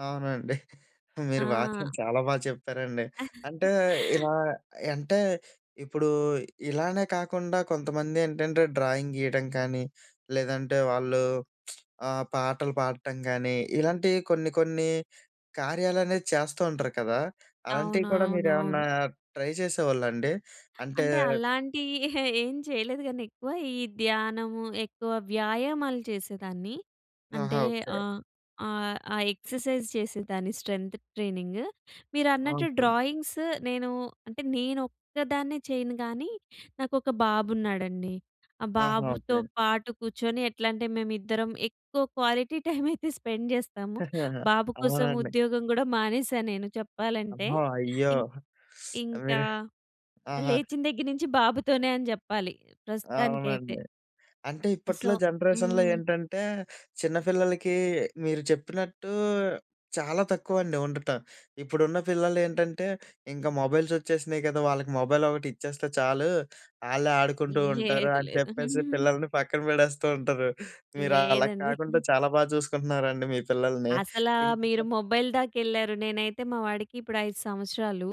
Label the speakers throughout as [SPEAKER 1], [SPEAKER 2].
[SPEAKER 1] అవునండి. మీరు మాత్రం
[SPEAKER 2] ఆ!
[SPEAKER 1] చాలా బాగా చేప్పారండి. అంటే, ఇలా య్ అంటే, ఇప్పుడూ ఇలానే కాకుండా కొంతమందేంటంటే, డ్రాయింగ్ గీయడం కానీ, లేదంటే వాళ్ళు ఆహ్, పాటలు పాడటం గానీ, ఇలాంటియి కొన్ని కొన్ని కార్యాలనేయి చేస్తా ఉంటరు కదా! అలాంటివి
[SPEAKER 2] అవును.
[SPEAKER 1] కూడా
[SPEAKER 2] అవును.
[SPEAKER 1] మీరేమన్నా
[SPEAKER 2] అవును.
[SPEAKER 1] ట్రై చేసేవాళ్ళండి? అంటే
[SPEAKER 2] అంటే, అలాంటియి ఏం చెయ్యలేదు గానీ ఎక్కువ, ఈ ధ్యానము, ఎక్కువ వ్యాయామాలు చేసేదాన్ని.
[SPEAKER 1] ఆహా!
[SPEAKER 2] అంటే,
[SPEAKER 1] ఓకే.
[SPEAKER 2] ఆహ్, ఆహ్, ఆ ఎక్ససైజ్ చేసేదాన్ని స్ట్రెంథ్ ట్రైనింగ్. మీరన్నట్టు
[SPEAKER 1] ఆసమ్.
[SPEAKER 2] డ్రాయింగ్స్ నేనూ అంటే, నేనొక్కదాన్నే చెయ్యను గానీ, నాకొక బాబున్నాడండి. ఆ
[SPEAKER 1] ఆహా!
[SPEAKER 2] బాబుతో
[SPEAKER 1] ఓకే.
[SPEAKER 2] పాటు కూర్చొని ఎట్లంటే, మేమిద్దరం ఎక్కువ క్వాలిటీ టైమైతే స్పెండ్ జేస్తాము. బాబు కోసం
[SPEAKER 1] అవునండి.
[SPEAKER 2] ఉద్యోగం గూడా మానేశా నేను చెప్పాలంటే.
[SPEAKER 1] ఓహో! అయ్యో!
[SPEAKER 2] ఇంక్ ఇంకా
[SPEAKER 1] మీరు ఆహా!
[SPEAKER 2] లేచిన దెగ్గిరనించి బాబుతోనే అని జెప్పాలి ప్రస్తుతానికైతే.
[SPEAKER 1] అవునండి. అంటే,
[SPEAKER 2] ఆహ్, సో
[SPEAKER 1] ఇప్పట్లో జనరేషన్‌లో
[SPEAKER 2] హ్మ్.
[SPEAKER 1] ఏంటంటే, చిన్న పిల్లలకీ మీరు చెప్పినట్టూ చాలా తక్కువండి ఉండటం. ఇప్పుడున్న పిల్లలేంటంటే, ఇంక మొబైల్సొచ్చేసినాయి గదా! వాళ్ళకి మొబైలొకటిచ్చేస్తే చాలు. ఆళ్ళే ఆడుకుంటూ ఉంటారు
[SPEAKER 2] లేదు.
[SPEAKER 1] అని
[SPEAKER 2] లేదు.
[SPEAKER 1] చెప్పేసి, పిల్లలని పక్కనబడేస్తూ ఉంటారు. మీరలాగ
[SPEAKER 2] లేదండి.
[SPEAKER 1] కాకుండా చాలా బా చూసుకుంటున్నారండి మీ పిల్లలని.
[SPEAKER 2] అసలా మీరు
[SPEAKER 1] ఇంటికా
[SPEAKER 2] మొబైల్ దాకెళ్ళారు. నేనైతే మా వాడికి ఇప్పుడు 5 సంవత్సరాలు.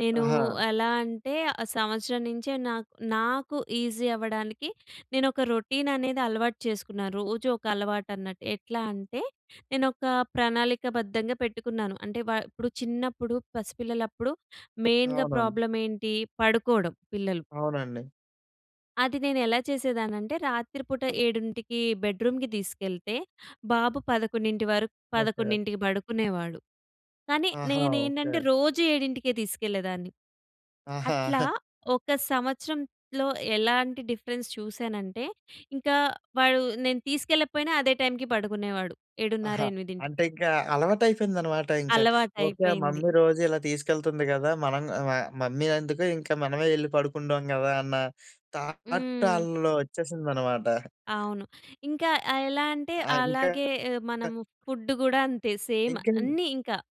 [SPEAKER 2] నేనూ
[SPEAKER 1] ఆహా!
[SPEAKER 2] ఎలా అంటే, ఆహ్, సంవత్సరం నించే నాక్ నాకు ఈజీ అవ్వడానికి, నేనొక రొటీననేది అలవాటు చేసుకున్నాను. రోజూ ఒక అలవాటన్నట్టు. ఎట్లా అంటే, నేనొకా ప్రణాళికబద్ధంగా పెట్టుకున్నాను. అంటే, వా ఇప్పుడు చిన్నప్పుడు పసిపిల్లలప్పుడు మెయిన్‌గా
[SPEAKER 1] అవునండి.
[SPEAKER 2] ప్రాబ్లమేంటి, పడుకోవడం పిల్లలు.
[SPEAKER 1] అవునండి.
[SPEAKER 2] అది నేనెలా చేసేదాన్నంటే రాత్రి పూట 7కి బెడ్రూమ్‌కి తీసుకెళ్తే, బాబు 11 వరకు
[SPEAKER 1] ఓకే.
[SPEAKER 2] 11కి బడుకునేవాడు, కానీ
[SPEAKER 1] ఆహా!
[SPEAKER 2] నేనేంటంటే,
[SPEAKER 1] ఓకే.
[SPEAKER 2] రోజూ ఏడింటికే తీసుకెళ్ళేదాన్ని.
[SPEAKER 1] ఆహా!
[SPEAKER 2] అట్లా ఒక సంవత్సరంలో ఎలాంటి డిఫరెన్స్ చూశానంటే, ఇంకా వాడు నేను తీసుకెళ్ళకపోయినా అదే టైమ్‌కి పడుకునేవాడు, 7:30,
[SPEAKER 1] ఆహా!
[SPEAKER 2] 8కి.
[SPEAKER 1] అంటే ఇంకా అలవాటయిపోయిందనమాట ఇంక. ఓకే. ఆహ్,
[SPEAKER 2] అలవాటయిపోయింది.
[SPEAKER 1] మమ్మీ రోజిలా తీసుకెళ్తుంది గదా! మనం గ ఆహ్, మమ్మీ ఎందుకు ఇంక మనమే యెళ్లి పడుకుంటాం గదా! అన్న థాట్‌
[SPEAKER 2] హ్మ్.
[SPEAKER 1] ఆళ్ళలో ఒచ్చేసిందనమాట.
[SPEAKER 2] అవును. ఇంకా ఆహ్, ఎలా అంటే,
[SPEAKER 1] ఆ! ఇంకా
[SPEAKER 2] అలాగే
[SPEAKER 1] క
[SPEAKER 2] మనము ఫుడ్డు గూడా అంతే, సేమ్
[SPEAKER 1] ఇంకేమి?
[SPEAKER 2] అన్నీ ఇంక.